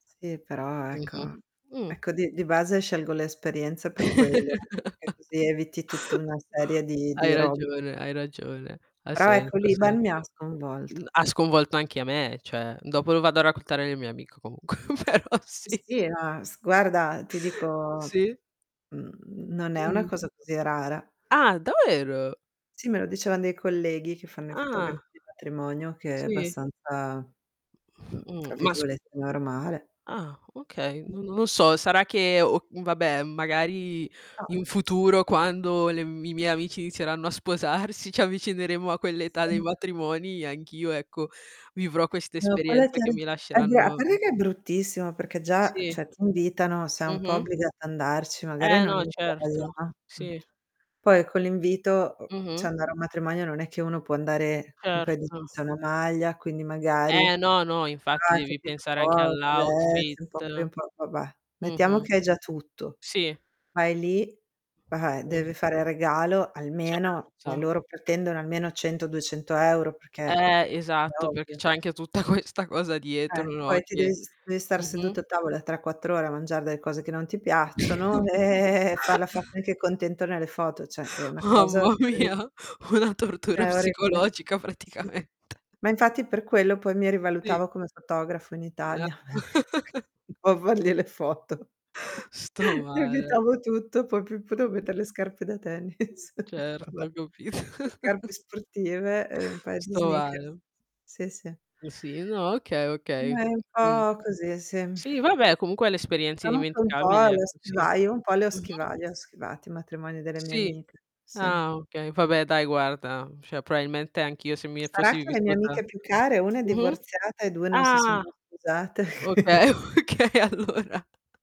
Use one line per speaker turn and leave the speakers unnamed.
Sì però ecco
Mh-mh, mh.
ecco di di base scelgo l'esperienza per quello, e così eviti tutta una serie di
Hai
di rob
ragione, hai ragione. Ha
Però,
senso,
ecco
ha
l'IBAN, mi ha
senso. Mhmm,
sconvolto.
ha sconvolto anche a me, cioè dopo lo vado a raccontare alle mie amiche comunque, però
Mhmm,
sì.
sì na s guarda ti dico,
Sì.
mhmm, non è una
Mh.
cosa così rara.
Ah, davvero?
Sì, me lo dicevan dei colleghi che fanno i fotografi
Ah.
di matrimonio che è
Sì.
abbastanza, mhmm,
Mhmm,
fra
ma scus
virgolette "normale."
ah, okay, uhm, non lo so sarà che ho uhm, vabbè magari
Ah
in futuro quando le m i miei amici inizieranno a sposarsi, ci avvicineremo a quell'età dei
Sì.
matrimoni, e anch'io ecco vivrò questa
No quella è
esperienza che
terri
mi
a dia a
lasceranno
parte che è bruttissimo perché già, ehm,
Sì.
cioè ti invitano, sei un po'
Mh-mh.
obbligato ad andarci, magari
Eh
non
no, e
hai voglia
certo,
a mh.
sì.
Poi con l'invito, uhm, cioè
Mh-mh.
andare a un matrimonio non è che uno può andare con un paio di
Erto.
jeans e una maglia quindi magari
Eh, no, no infatti
[unintelligible]
devi
capito
pensare anche
[unintelligible]
all'outfit
un po' [unintelligible] va beh, mettiamo
mh-mh,
che hai già tutto.
sì.
Vai lì, va beh
Mh.
deve fare regalo almeno cioè
Certo.
loro pretendono almeno 100, 200€ perché, eh,
Eh,
è
esatto perché
ovvio.
c'è anche tutta questa cosa
Eh,
dietro no,
poi ti devi
che
sis devi stare
mh-mh.
seduto a tavola 3, 4 ore a mangiare delle cose che non ti piacciono, farla fa [unintelligible] che contento nelle foto, cioè è una cosa
Mamma
ridi
mia, una tortura
È orribile.
psicologica
Sì.
praticamente.
Ma infatti per quello poi mi
Sì.
rivalutavo come fotografo in Italia. Un po' a fargli le foto.
Sto
Mi
male.
evitavo tutto, poi più potevo
Mh-mh.
mettere le scarpe da tennis. Va
Certo,
beh,
ho capit
le scarpe sportive, ehm, un paio di
Sto
sneakers
male.
sì, sì.
Mhmm, sì no, okay, okay,
Ma è
uhm,
un
mhmm,
po' così, sì.
sì vabbè comunque è l'esperienza
Però per un pò
indimenticabile
le ho
ecco, sì,
schivati un pò le ho schivai
mh-mh.
le ho schivati i matrimoni delle mie
Sì,
amiche, sì.
ah okay, vabbè dai guarda, cioè probabilmente anch'io se mi
Sarà
fossi
che le mie
vissuta
amiche più care, una è
mh-mh,
divorziata e 2 non si sono
ah,
mai sposate. E quindi
okay, okay allora.